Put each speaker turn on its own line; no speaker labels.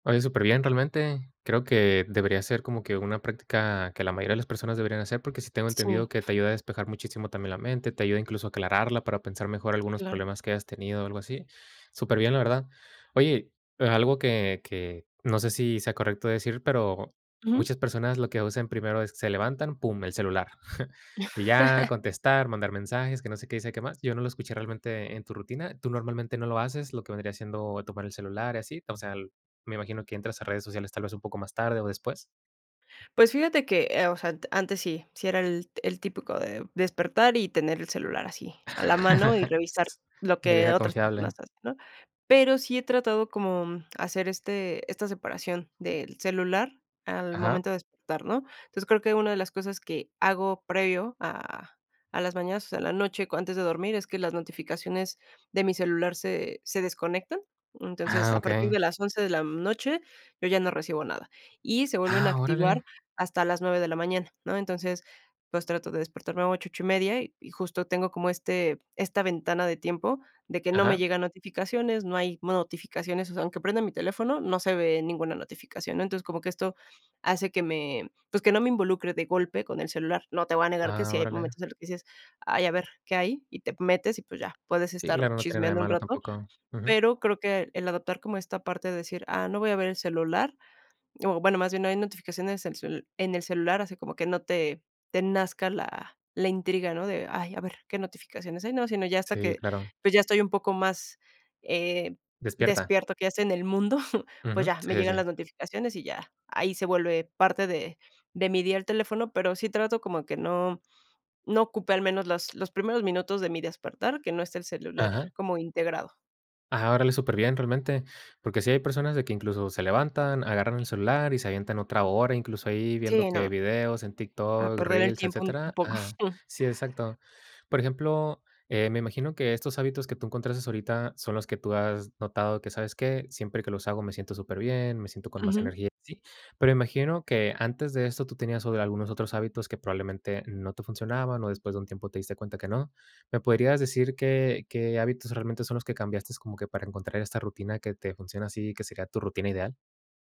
Oye, superbién realmente. Creo que debería ser como que una práctica que la mayoría de las personas deberían hacer, porque sí tengo entendido
Sí.
que te ayuda a despejar muchísimo también la mente, te ayuda incluso a aclararla para pensar mejor algunos
Claro.
problemas que hayas tenido o algo así. Superbién, la verdad. Oye, a algo que que no sé si sea correcto decir, pero
Ujú.
muchas personas lo que usen primero es, se levantan, pum, el celular. Y ya contestar, mandar mensajes, que no sé qué y sé que más. Yo no lo escuché realmente en tu rutina. ¿Tú normalmente no lo haces? Lo que vendría siendo tomar el celular y así, o sea, el me imagino que entras a redes sociales tal vez un poco más tarde o después.
Pues fíjate que, eh, o sea, ant antes sí, sí era el el típico de despertar y tener el celular así, a la mano y revisar lo
La
que
vieja
otras personas
confiable.
hacen, ¿no? Pero sí he tratado como, mm, hacer este esta separación del celular al
Ajá.
momento de despertar, ¿no? Entonces, creo que una de las cosas que hago previo a a las mañanas, o sea, en la noche cu antes de dormir, es que las notificaciones de mi celular se se desconectan. Entonces,
¡Ah!
a partir
Okey.
de las 11 de la, mm, noche yo ya no recibo nada, y se vuelven a
¡Ah,
activar
órale!
hasta las 9 de la mañana, ¿no? Entonces, pues, trato de despertarme a 8, 8 y media, y y justo tengo como este esta ventana de tiempo de que no me
Ajá.
llegan notificaciones, no hay mo notificaciones, o sea, aunque prenda mi teléfono, no se ve ninguna notificación, ¿no? Entonces, como que esto hace que me, pues, que no me involucre de golpe con el celular. No te voy a negar que
Ah,
sí hay
órale.
momentos en los que dices: "Ay, a ver, ¿qué hay?". Y te metes y pues, ya, puedes
Sí,
estar
claro, no tiene nada de
chismeando un
malo
rato.
tampoco. Ujú.
Pero creo que el adoptar como esta parte de decir: "Ah, no voy a ver el celular". O bueno, más bien no hay notificaciones en cel en el celular, así como que no te te nazca la la intriga, ¿no? De: "Ay, a ver qué notificaciones hay", ¿no? Sino ya hasta
Sí,
que,
claro.
pues, ya estoy un poco más, eh,
Despierta.
despierta, que ya esté en el mundo, pues
Ujú.
ya,
Sí,
me
sí,
llegan
sí.
las notificaciones y ya, ahí se vuelve parte de de mi día al teléfono, pero sí trato como que no, no ocupe al menos las los primeros minutos de mi despertar, que no esté el celular
Ajá.
como integrado.
Ah, órale, superbién realmente. Porque sí hay personas de que incluso se levantan, agarran el celular y se avientan otra hora, incluso ahí viendo
Sí,
que
no.
videos en
A
TikTok,
perder el
reels,
tiempo un un
etcétera,
poco.
ajá sí, exacto. Por ejemplo, eh, me imagino que estos hábitos que tú encontraste ahorita son los que tú has notado que, ¿sabes qué? Siempre que los hago me siento superbién, me siento con más
Ujú.
energía, ¿sí? Pero imagino que antes de esto tú tenías o de algunos otros hábitos que probablemente no te funcionaban o después de un tiempo te diste cuenta que no. ¿Me podrías decir qué qué hábitos realmente son los que cambiaste como que para encontrar esta rutina que te funciona así, que sería tu rutina ideal?